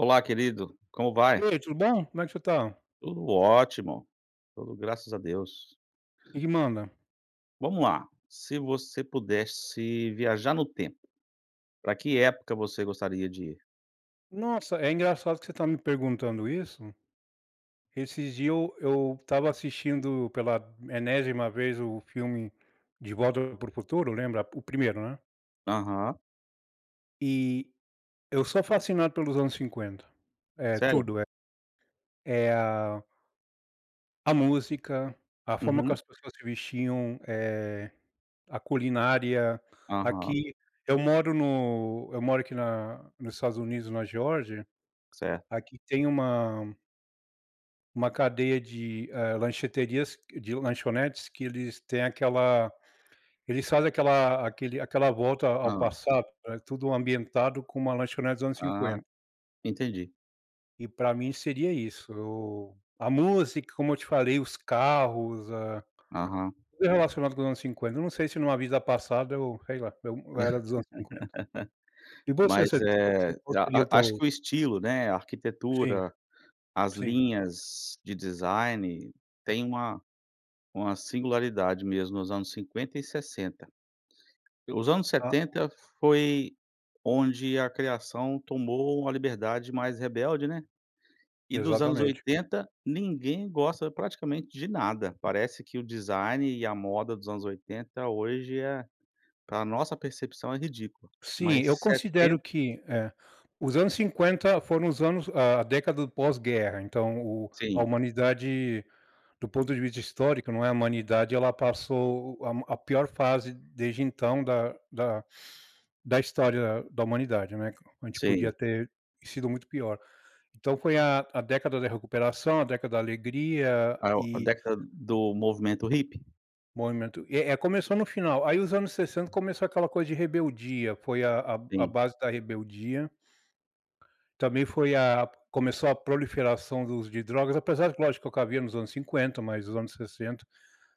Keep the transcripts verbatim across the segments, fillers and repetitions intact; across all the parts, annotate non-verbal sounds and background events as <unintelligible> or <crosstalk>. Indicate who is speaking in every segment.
Speaker 1: Olá, querido, como
Speaker 2: E
Speaker 1: vai?
Speaker 2: ai, tudo bom? Como é que você tá?
Speaker 1: Tudo ótimo, tudo graças a Deus.
Speaker 2: Que que manda?
Speaker 1: Vamos lá! Se você pudesse viajar no tempo. Pra que época você gostaria de ir?
Speaker 2: Nossa, é engraçado que você tá me perguntando isso, esses dias eu eu estava assistindo pela enésima vez o filme de Volta Para o Futuro, lembra? O primeiro, né.
Speaker 1: Aham.
Speaker 2: E eu sou fascinado pelos anos cinquenta é
Speaker 1: Sério?
Speaker 2: tudo, é é a a música, a forma que
Speaker 1: Uhum.
Speaker 2: as pessoas se vestiam, eh, a culinária,
Speaker 1: Aham.
Speaker 2: aqui eu moro no eu moro aqui na nos Estados Unidos, na Geórgia.
Speaker 1: Certo.
Speaker 2: Aqui tem uma uma cadeia de, eh, lancheterias de lanchonetes, que eles têm aquela eles fazem aquela aquele aquela volta ao
Speaker 1: Hã.
Speaker 2: passado. É tudo ambientado como uma lanchonete dos anos
Speaker 1: Ah,
Speaker 2: cinquenta.
Speaker 1: entendi.
Speaker 2: E pra mim seria isso, a música, como eu te falei, os carros, ah,
Speaker 1: Aham.
Speaker 2: tudo relacionado com os anos cinquenta, eu não sei se numa vida passada eu sei lá, eu era dos anos cinquenta, e
Speaker 1: <laughs>
Speaker 2: você
Speaker 1: Mas,
Speaker 2: você
Speaker 1: eh,
Speaker 2: qual
Speaker 1: a
Speaker 2: seria o
Speaker 1: a acho
Speaker 2: teu
Speaker 1: que o estilo, né, a
Speaker 2: Sim,
Speaker 1: arquitetura, as
Speaker 2: sim.
Speaker 1: linhas de design tem uma uma singularidade mesmo nos anos cinquenta e sessenta, os anos
Speaker 2: Ah.
Speaker 1: setenta foi onde a criação tomou uma liberdade mais rebelde, né, e dos anos
Speaker 2: Exatamente.
Speaker 1: oitenta, ninguém gosta praticamente de nada, parece que o design e a moda dos anos oitenta hoje é pra nossa percepção, é ridícula,
Speaker 2: Sim, eu
Speaker 1: mas
Speaker 2: considero
Speaker 1: setenta
Speaker 2: que é, os anos cinquenta foram os anos a década do pós-guerra, então o a
Speaker 1: Sim.
Speaker 2: humanidade do ponto de vista histórico, não, é a humanidade, ela passou a a pior fase desde então da da da história da humanidade, né, a gente podia
Speaker 1: Sim.
Speaker 2: ter sido muito pior, então foi a a década da recuperação, a década da alegria
Speaker 1: A a
Speaker 2: e
Speaker 1: década do movimento hippie.
Speaker 2: Movimento, é é começou no final, aí os anos sessenta começou aquela coisa de rebeldia, foi a a a
Speaker 1: Sim.
Speaker 2: base da rebeldia também foi a começou a proliferação do uso de drogas, apesar que, lógico, o que havia nos anos cinquenta mais os anos sessenta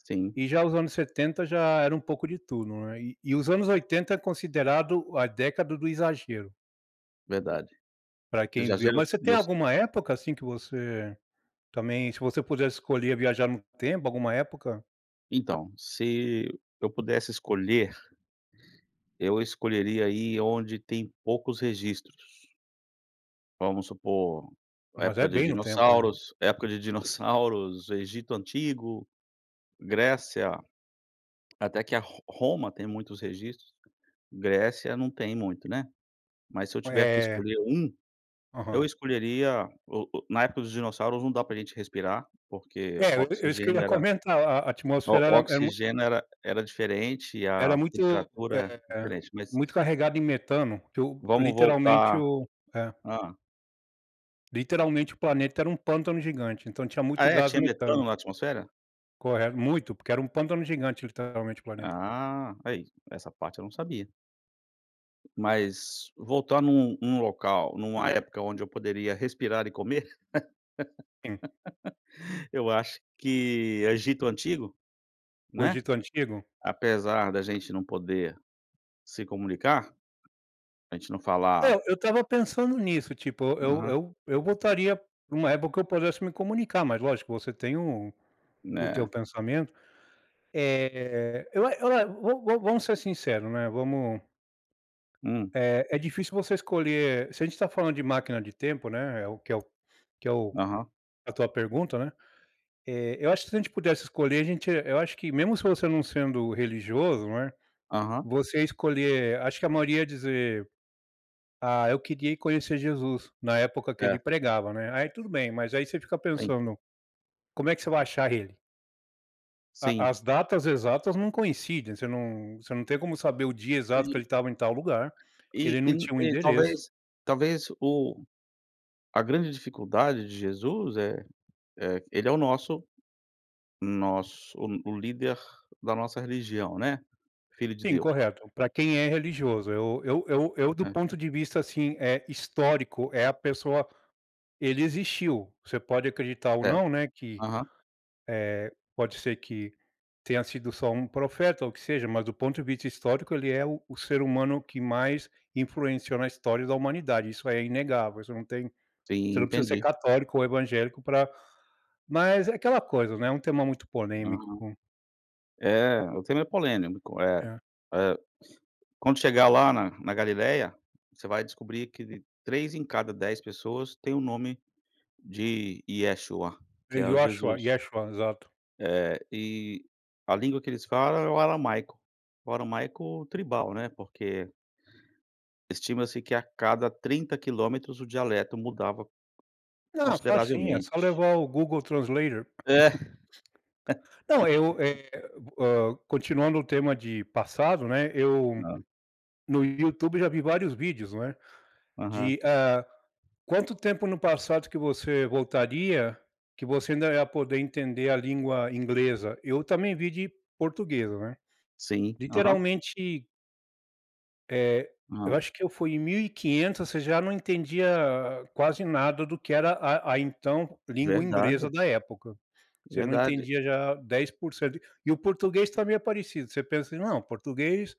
Speaker 1: Sim.
Speaker 2: e já os anos setenta já era um pouco de tudo, né, e e os anos oitenta é considerado a década do exagero
Speaker 1: Verdade.
Speaker 2: pra quem viveu.
Speaker 1: Exagero
Speaker 2: Mas, você tem
Speaker 1: nos
Speaker 2: alguma época, assim, que você também, se você pudesse escolher viajar no tempo, alguma época?
Speaker 1: Então, se eu pudesse escolher eu escolheria ir onde tem poucos registros vamos supor,
Speaker 2: Mas
Speaker 1: época
Speaker 2: é
Speaker 1: de
Speaker 2: bem no tempo, eh.
Speaker 1: dinossauros época de dinossauros, Egito antigo, Grécia, até que a Ro Roma tem muitos registros, Grécia não tem muito, né, mas se eu tiver que
Speaker 2: É.
Speaker 1: escolher um eu
Speaker 2: Aham.
Speaker 1: escolheria o o na época dos dinossauros, não dá pra a gente respirar, porque
Speaker 2: É, é isso que eu
Speaker 1: oxigênio
Speaker 2: ia
Speaker 1: era
Speaker 2: comentar, a a atmosfera era
Speaker 1: o
Speaker 2: era mui
Speaker 1: oxigênio era era diferente e
Speaker 2: era
Speaker 1: a
Speaker 2: muito,
Speaker 1: temperatura
Speaker 2: eh,
Speaker 1: diferente, mas
Speaker 2: muito carregado em metano, que eu
Speaker 1: vamos
Speaker 2: literalmente
Speaker 1: voltar
Speaker 2: eu é.
Speaker 1: hã.
Speaker 2: Literalmente o planeta era um pântano gigante, então tinha
Speaker 1: Ah,
Speaker 2: muito
Speaker 1: é,
Speaker 2: gás
Speaker 1: tinha metano
Speaker 2: metano.
Speaker 1: na atmosfera?
Speaker 2: Corre muito, porque era um pântano gigante literalmente o planeta.
Speaker 1: Ah, aí essa parte eu não sabia. Mas voltar num num local, numa época onde eu poderia respirar e comer.
Speaker 2: Sim.
Speaker 1: <laughs> Eu acho que Egito antigo.
Speaker 2: O
Speaker 1: Né?
Speaker 2: Egito antigo.
Speaker 1: Apesar da gente não poder se comunicar. A gente não
Speaker 2: É,
Speaker 1: falar
Speaker 2: eu estava pensando nisso, tipo eu
Speaker 1: Aham.
Speaker 2: eu eu voltaria numa época que eu pudesse me comunicar, mas lógico, você tem um o teu
Speaker 1: Né?
Speaker 2: pensamento. Eh, eu a eu vo vo vamos ser sincero, né? Vamos
Speaker 1: Hum.
Speaker 2: É é difícil você escolher. Se a gente está falando de máquina de tempo, né? É, o que é o que é o
Speaker 1: Aham.
Speaker 2: a tua pergunta, né? Eh, eu acho que se a gente pudesse escolher a gente Eu acho que mesmo se você não sendo religioso, não é
Speaker 1: Aham.
Speaker 2: você escolher Acho que a maioria dizer: "Ah, eu queria ir conhecer Jesus na época que ele
Speaker 1: É.
Speaker 2: pregava, né?" Aí tudo bem, mas aí você fica
Speaker 1: Sim.
Speaker 2: pensando. Como é que você vai achar ele? A
Speaker 1: Sim.
Speaker 2: as datas exatas não coincidem. Você não você não tem como saber o dia exato que
Speaker 1: Ai.
Speaker 2: ele estava em tal lugar, ele
Speaker 1: E e
Speaker 2: não
Speaker 1: no
Speaker 2: tinha um
Speaker 1: e,
Speaker 2: endereço.
Speaker 1: talvez talvez, o a grande dificuldade de Jesus é é ele é o nosso nosso o o líder da nossa religião, né, filho de
Speaker 2: Sim,
Speaker 1: Deus.
Speaker 2: correto, para quem é religioso. Eu eu eu eu do
Speaker 1: É.
Speaker 2: ponto de vista, assim, eh, histórico, é a pessoa ele existiu. Você pode acreditar ou
Speaker 1: É,
Speaker 2: não, né, que,
Speaker 1: aham.
Speaker 2: eh, pode ser que tenha sido só um profeta ou o que seja, mas do ponto de vista histórico, ele é o o ser humano que mais influenciou na história da humanidade. Isso é inegável. Isso não tem
Speaker 1: Sim,
Speaker 2: você não precisa ser
Speaker 1: entendi.
Speaker 2: católico ou evangélico pra mas, é aquela coisa, né, é um tema muito polêmico.
Speaker 1: Aham. É, o tema é polêmico, é
Speaker 2: É.
Speaker 1: é <sniffs> quando chegar lá, na na Galileia, você vai descobrir que de três em cada dez pessoas tem o nome de Yeshua, que é o
Speaker 2: Yoshua
Speaker 1: Jesus.
Speaker 2: Yeshua, exato.
Speaker 1: É, e a língua que eles falam é o aramaico, o aramaico tribal, né, porque estima-se que, a cada trinta quilômetros, o dialeto mudava,
Speaker 2: Não, facinho, é só
Speaker 1: consideravelmente.
Speaker 2: levar o Google Translator.
Speaker 1: É
Speaker 2: <laughs> Não, eu, eh,
Speaker 1: <laughs>
Speaker 2: hã, continuando o tema de passado, né, eu
Speaker 1: Não.
Speaker 2: no YouTube já vi vários vídeos, né,
Speaker 1: Aham.
Speaker 2: de ah, quanto tempo no passado que você voltaria, que você ainda é poder entender a língua inglesa. Eu também vi de portuguesa, né,
Speaker 1: Sim, aham.
Speaker 2: literalmente É, eu
Speaker 1: <unintelligible>
Speaker 2: acho que eu fui em mil e quinhentos e você já não entendia quase nada do que era a a então língua inglesa
Speaker 1: Verdade.
Speaker 2: da época. Você não
Speaker 1: Verdade.
Speaker 2: entendia já dez por cento e o português também é parecido, você pensa assim: não português,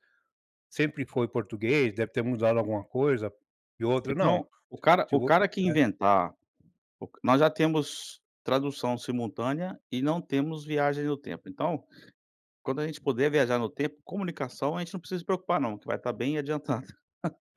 Speaker 2: sempre foi português, deve ter mudado alguma coisa e outra não
Speaker 1: Então o cara o
Speaker 2: tipo,
Speaker 1: cara que
Speaker 2: eh
Speaker 1: inventar o nós já temos tradução simultânea e não temos viagem no tempo, então quando a gente puder viajar no tempo, comunicação, a gente não precisa se preocupar, não que vai estar bem adiantado.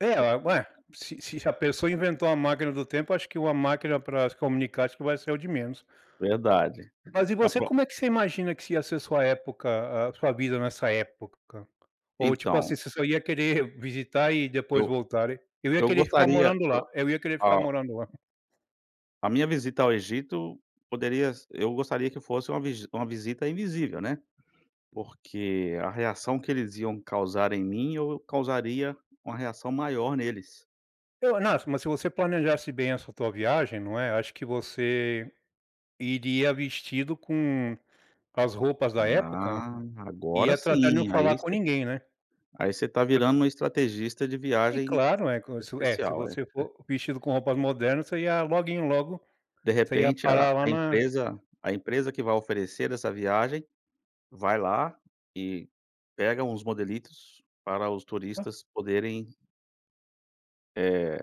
Speaker 2: É ué, se se a pessoa inventou a máquina do tempo, acho que uma máquina para se comunicar, acho que vai ser o de menos.
Speaker 1: Verdade,
Speaker 2: Mas e
Speaker 1: a
Speaker 2: você,
Speaker 1: pro
Speaker 2: como é que você imagina que se ia ser sua época, a sua vida nessa época ou tipo assim
Speaker 1: Então.
Speaker 2: você só ia querer visitar e depois
Speaker 1: Eu
Speaker 2: voltarem? Eu ia
Speaker 1: eu
Speaker 2: querer ficar
Speaker 1: gostaria,
Speaker 2: morando
Speaker 1: eh,
Speaker 2: lá eu ia querer ficar
Speaker 1: a
Speaker 2: morando lá.
Speaker 1: A minha visita ao Egito poderia se eu gostaria que fosse uma v uma visita invisível, né, porque a reação que eles iam causar em mim, eu causaria uma reação maior neles.
Speaker 2: É o nas mas se você planejasse bem essa tua viagem, não é. Acho que você iria vestido com as roupas da época,
Speaker 1: Ah,
Speaker 2: e
Speaker 1: agora
Speaker 2: ia tratar de não
Speaker 1: sim,
Speaker 2: falar
Speaker 1: aí
Speaker 2: com
Speaker 1: você
Speaker 2: ninguém, né?
Speaker 1: Aí você tá
Speaker 2: <unintelligible>
Speaker 1: virando uma estrategista de
Speaker 2: E
Speaker 1: viagem
Speaker 2: claro, é como se é se
Speaker 1: especial, é?
Speaker 2: você for vestido com roupas modernas, você ia loguinho logo
Speaker 1: De
Speaker 2: você ia
Speaker 1: repente a
Speaker 2: parar lá
Speaker 1: a
Speaker 2: na
Speaker 1: empresa a empresa que vai oferecer essa viagem, vai lá e pega uns modelitos para os turistas poderem Eh,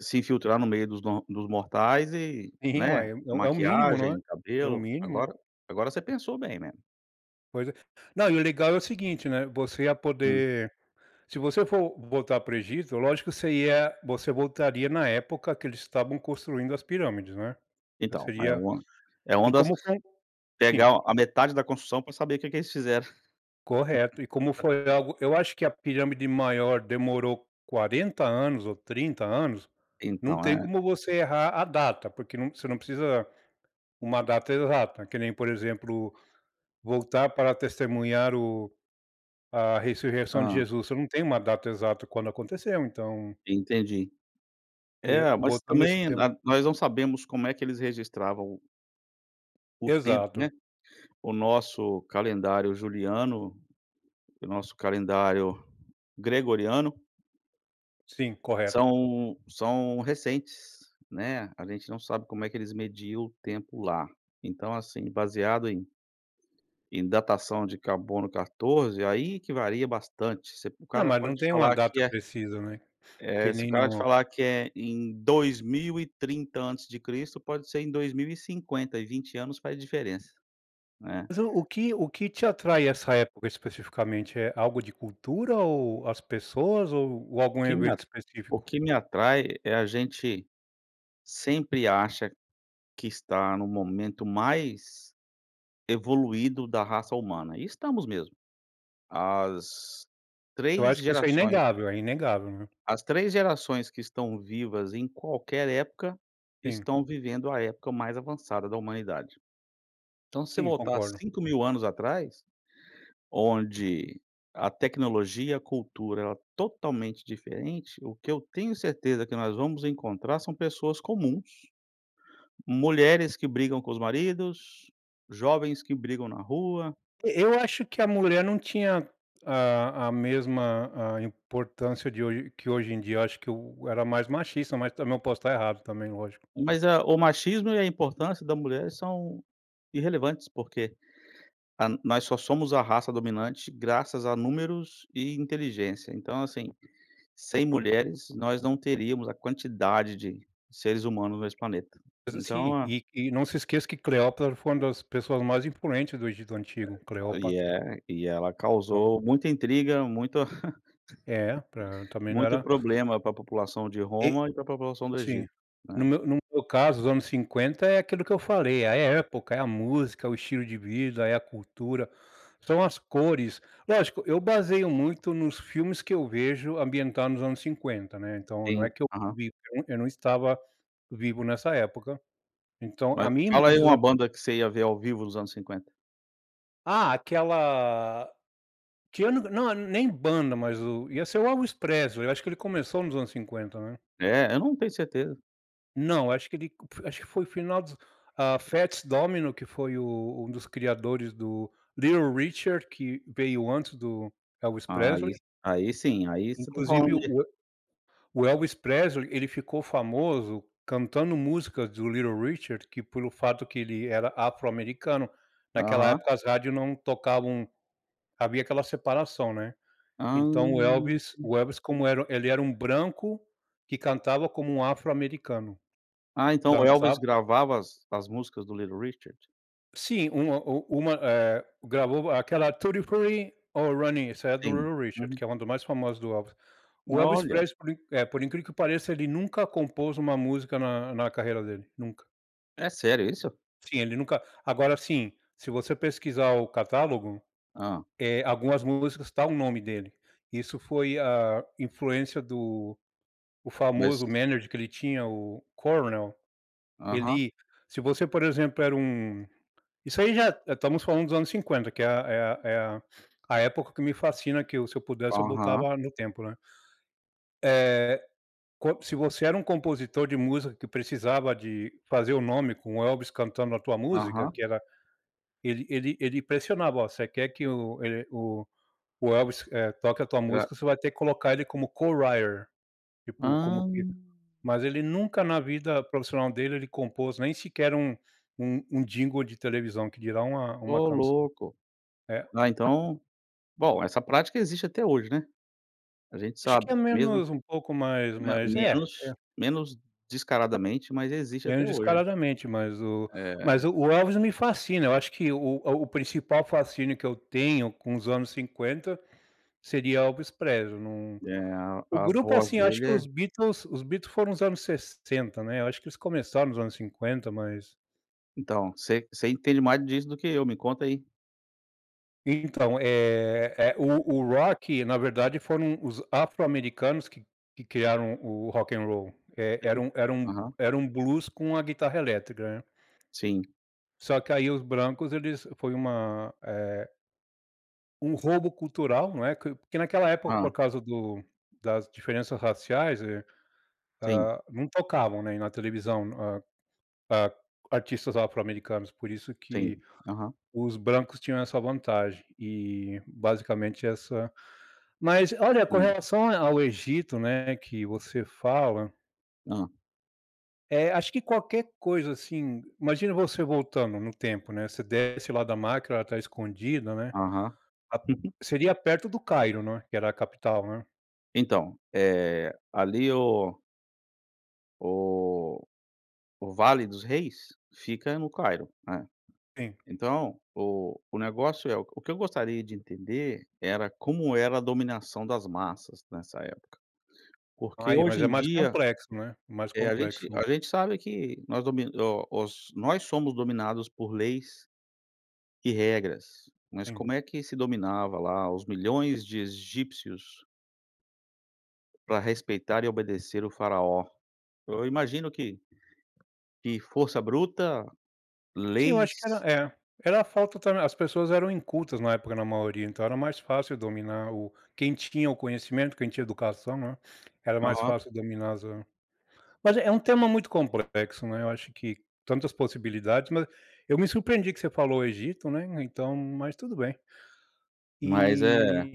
Speaker 1: se infiltrar no meio dos do dos mortais e,
Speaker 2: Sim,
Speaker 1: né
Speaker 2: uai, é o, é o mínimo, não é?
Speaker 1: Maquiagem,
Speaker 2: É o
Speaker 1: cabelo.
Speaker 2: mínimo.
Speaker 1: Agora agora você pensou bem, né.
Speaker 2: Pois é, não, e o legal é o seguinte, né. Você ia
Speaker 1: Hum.
Speaker 2: poder se você for voltar para o Egito, lógico que seria você voltaria na época que eles estavam construindo as pirâmides, né?
Speaker 1: Então é
Speaker 2: Seria
Speaker 1: uma
Speaker 2: e
Speaker 1: uma das
Speaker 2: como foi Sim.
Speaker 1: pegar um a metade da construção pra saber o que que eles fizeram.
Speaker 2: Correto e como
Speaker 1: <chuckles>
Speaker 2: foi algo eu acho que a pirâmide maior demorou quarenta anos ou trinta anos. Não
Speaker 1: Então
Speaker 2: tem
Speaker 1: é.
Speaker 2: como você errar a data, porque não você não precisa uma data exata que nem, por exemplo, voltar para testemunhar o a ressurreição de
Speaker 1: Hã.
Speaker 2: Jesus. Você não tem uma data exata quando aconteceu, então
Speaker 1: Entendi.
Speaker 2: E,
Speaker 1: É, mas
Speaker 2: botando esse
Speaker 1: também
Speaker 2: tema
Speaker 1: a nós não sabemos como é que eles registravam o O tempo,
Speaker 2: Exato.
Speaker 1: né? O nosso calendário Juliano, o nosso calendário Gregoriano
Speaker 2: Sim, correto.
Speaker 1: são são recentes, né? A gente não sabe como é que eles mediam o tempo lá. Então, assim, baseado em em datação de carbono quatorze, aí que varia bastante. Se p o
Speaker 2: Não,
Speaker 1: cara
Speaker 2: mas não
Speaker 1: pode
Speaker 2: tem uma
Speaker 1: falar
Speaker 2: data
Speaker 1: que é
Speaker 2: precisa, né.
Speaker 1: eh,
Speaker 2: Que
Speaker 1: se o
Speaker 2: nem
Speaker 1: cara te
Speaker 2: no
Speaker 1: falar que é em dois mil e trinta antes de Cristo, pode ser em dois mil e cinquenta, e vinte anos faz diferença, né?
Speaker 2: Mas o o que o que te atrai essa época especificamente, é algo de cultura ou as pessoas, ou
Speaker 1: O
Speaker 2: algum
Speaker 1: que me a
Speaker 2: evento
Speaker 1: o
Speaker 2: específico?
Speaker 1: que me atrai é a gente, sempre acha que está no momento mais evoluído da raça humana, e estamos mesmo. As
Speaker 2: Eu
Speaker 1: três
Speaker 2: acho que isso é
Speaker 1: gerações
Speaker 2: inegável, é inegável, né?
Speaker 1: as três gerações que estão vivas em qualquer época,
Speaker 2: Sim.
Speaker 1: estão vivendo a época mais avançada da humanidade. Então, se você
Speaker 2: Sim,
Speaker 1: voltar
Speaker 2: concordo.
Speaker 1: cinco mil anos atrás, onde a tecnologia, a cultura, ela é totalmente diferente, o que eu tenho certeza que nós vamos encontrar são pessoas comuns mulheres que brigam com os maridos, jovens que brigam na rua.
Speaker 2: E eu acho que a mulher não tinha a a mesma, ah, importância de hoje que hoje em dia. Eu acho que o era mais machista, mas também eu posso tá errado, também, lógico.
Speaker 1: Mas é, o machismo e a importância da mulher são irrelevantes, porque, ah, nós só somos a raça dominante graças a números e inteligência. Então, assim, sem mulheres, nós não teríamos a quantidade de seres humanos nesse planeta.
Speaker 2: Mas
Speaker 1: Então
Speaker 2: assim,
Speaker 1: a
Speaker 2: e e não se esqueça que Cleópatra foi uma das pessoas mais imponentes do Egito antigo.
Speaker 1: E
Speaker 2: Cleópatra.
Speaker 1: é, e ela
Speaker 2: Não.
Speaker 1: causou muita intriga, muita
Speaker 2: É, pra
Speaker 1: <laughs>
Speaker 2: também não
Speaker 1: muito
Speaker 2: era
Speaker 1: problema pra população de
Speaker 2: E
Speaker 1: Roma e pra população do
Speaker 2: Sim.
Speaker 1: Egito,
Speaker 2: No
Speaker 1: né.
Speaker 2: meu no meu caso, os anos cinquenta é aquilo que eu falei, é a época, é a música, o estilo de vida, é a cultura, são as cores. Lógico, eu baseio muito nos filmes que eu vejo ambientados nos anos cinquenta, né, então não é
Speaker 1: Sim,
Speaker 2: que eu
Speaker 1: aham.
Speaker 2: vi <unintelligible> eu não estava vivo nessa época. Então, a
Speaker 1: Mas,
Speaker 2: minha
Speaker 1: fala
Speaker 2: imagem
Speaker 1: aí
Speaker 2: dos
Speaker 1: uma
Speaker 2: anos
Speaker 1: banda que você ia ver ao vivo nos anos cinquenta.
Speaker 2: Ah, aquela que eu não é nem banda, mas o ia ser o Elvis Presley, eu acho que ele começou nos anos cinquenta, né.
Speaker 1: É, eu não tenho certeza.
Speaker 2: Não, acho que ele acho que foi o final dos, ah, Fats Domino, que foi o um dos criadores do Little Richard, que veio antes do Elvis Presley
Speaker 1: Aí aí sim, aí você tá falando
Speaker 2: Inclusive,
Speaker 1: de
Speaker 2: o o Elvis Pesley, ele ficou famoso cantando músicas do Little Richard, que pelo fato que ele era afro-americano, naquela
Speaker 1: Aham.
Speaker 2: época, as rádios não tocavam havia aquela separação, né.
Speaker 1: Hã.
Speaker 2: Então, o Elvis o Elvis, como era ele era um branco que cantava como um afro-americano.
Speaker 1: Ah, então o Elvis
Speaker 2: Dançava
Speaker 1: gravava as as músicas do Little Richard?
Speaker 2: Sim, uma o uma, eh, gravou aquela tutti frutti, oh Rudy, essa é do
Speaker 1: Sim,
Speaker 2: Little Richard,
Speaker 1: uhum.
Speaker 2: que é um dos mais famosos do Elvis. O Elvis
Speaker 1: Olha!
Speaker 2: Presley, por in eh, por incrível que pareça, ele nunca compôs uma música na na carreira dele, nunca.
Speaker 1: É sério isso?
Speaker 2: Sim, ele nunca agora assim, se você pesquisar o catálogo,
Speaker 1: Hã.
Speaker 2: eh, algumas músicas tá o nome dele, isso foi a influência do o
Speaker 1: Mas
Speaker 2: famoso manager que ele tinha o Colonel,
Speaker 1: Aham.
Speaker 2: ele se você, por exemplo, era um isso aí já, eh, estamos falando dos anos cinquenta, que é a é a é a a época que me fascina, que eu, se eu pudesse, eu
Speaker 1: Aham.
Speaker 2: voltava no tempo, né? Eh, co se você era um compositor de música que precisava de fazer o nome com o Elvis cantando a tua música,
Speaker 1: Aham.
Speaker 2: que era ele ele ele pressionava: “Ó, você quer que o ele, o o Elvis, eh, toque a tua
Speaker 1: É
Speaker 2: música,
Speaker 1: a
Speaker 2: você vai ter que colocar ele como co-writer, tipo,
Speaker 1: Hã.
Speaker 2: como que mas ele nunca, na vida profissional dele, ele compôs nem sequer um um um jingle de televisão, que dirá uma uma
Speaker 1: Oh
Speaker 2: canção.
Speaker 1: louco.
Speaker 2: É
Speaker 1: Né, então bom, essa prática existe até hoje, né? A gente
Speaker 2: Eu acho que
Speaker 1: sabe
Speaker 2: é
Speaker 1: que mesmo
Speaker 2: menos um pouco mais
Speaker 1: me
Speaker 2: mais é, é.
Speaker 1: menos menos descaradamente, mas existe
Speaker 2: Menos
Speaker 1: até hoje,
Speaker 2: descaradamente, mas o
Speaker 1: eh
Speaker 2: mas o o Elvis me fascina, eu acho que o o o principal fascínio que eu tenho com os anos cinquenta, seria Elvis Presley num
Speaker 1: É, a
Speaker 2: o
Speaker 1: a
Speaker 2: grupo,
Speaker 1: voz
Speaker 2: assim, acho
Speaker 1: dele
Speaker 2: que os
Speaker 1: é
Speaker 2: Beatles os Beatles foram os anos sessenta, né, eu acho que eles começaram nos anos cinquenta, mas
Speaker 1: Então, você você entende mais disso do que eu, me conta aí.
Speaker 2: Então é é o o rock na verdade, foram os afro-americanos que que criaram o rock and roll é era
Speaker 1: Sim,
Speaker 2: um era um
Speaker 1: aham.
Speaker 2: era um blues com a guitarra elétrica, né.
Speaker 1: Sim.
Speaker 2: Só que aí os brancos, eles foi uma, eh Um roubo cultural, não é, porque naquela época, por
Speaker 1: Hã.
Speaker 2: causa do das diferenças raciais eh,
Speaker 1: Sim.
Speaker 2: hã, não tocavam, né na televisão, hã hã, artistas afro-americanos, por isso que
Speaker 1: Sim, aham.
Speaker 2: os brancos tinham essa vantagem e basicamente essa Mas olha com
Speaker 1: Hum.
Speaker 2: relação a ao Egito, né que você fala
Speaker 1: Hã.
Speaker 2: É, acho que qualquer coisa assim, imagina você voltando no tempo, né, você desce lá da máquina, ela tá escondida, né,
Speaker 1: Aham.
Speaker 2: a
Speaker 1: Uhum.
Speaker 2: seria perto do Cairo, não é? Que era a capital, né?
Speaker 1: Então é ali o o o Vale dos Reis, fica no Cairo, né,
Speaker 2: Sim.
Speaker 1: então o o negócio é o que eu gostaria de entender era como era a dominação das massas nessa época, porque
Speaker 2: Ai, mas
Speaker 1: hoje
Speaker 2: é
Speaker 1: em
Speaker 2: mais
Speaker 1: dia,
Speaker 2: complexo, né, mais
Speaker 1: eh, a gente a
Speaker 2: complexo.
Speaker 1: gente sabe que nós domi o os nós somos dominados por leis e regras, mas
Speaker 2: Sim.
Speaker 1: como é que se dominava lá os milhões de egípcios. Pra respeitar e obedecer o faraó, eu imagino que que força bruta,
Speaker 2: Sim, eu acho que era
Speaker 1: leis.
Speaker 2: é, era a falta também as pessoas eram incultas na época, na maioria, então era mais fácil dominar o quem tinha o conhecimento, quem tinha educação, não é? Era mais
Speaker 1: Aham.
Speaker 2: fácil dominar as mas é um tema muito complexo, né, eu acho que tantas possibilidades, mas eu me surpreendi que você falou o Egito, né, então, mas tudo bem.
Speaker 1: Mas é
Speaker 2: Eh,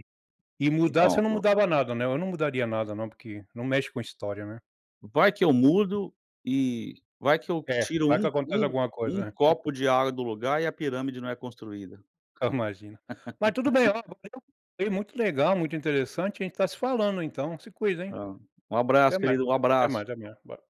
Speaker 2: e mudar você
Speaker 1: então
Speaker 2: não
Speaker 1: o
Speaker 2: mudava nada né, eu não mudaria nada não, porque não mexe com história, né?
Speaker 1: Vai que eu mudo e vai que eu
Speaker 2: É,
Speaker 1: tiro
Speaker 2: vai que
Speaker 1: um
Speaker 2: aconteça
Speaker 1: um
Speaker 2: alguma
Speaker 1: um
Speaker 2: coisa, é. <chuckles>
Speaker 1: copo de água do lugar e a pirâmide não é construída.
Speaker 2: Ah imagina, mas tudo bem,
Speaker 1: <laughs>
Speaker 2: <unintelligible> viu, muito legal, muito interessante a gente tá se falando então se cuida, hein.
Speaker 1: Ah, um abraço
Speaker 2: Até mais,
Speaker 1: querido, um
Speaker 2: até
Speaker 1: abraço.
Speaker 2: mais, <unintelligible>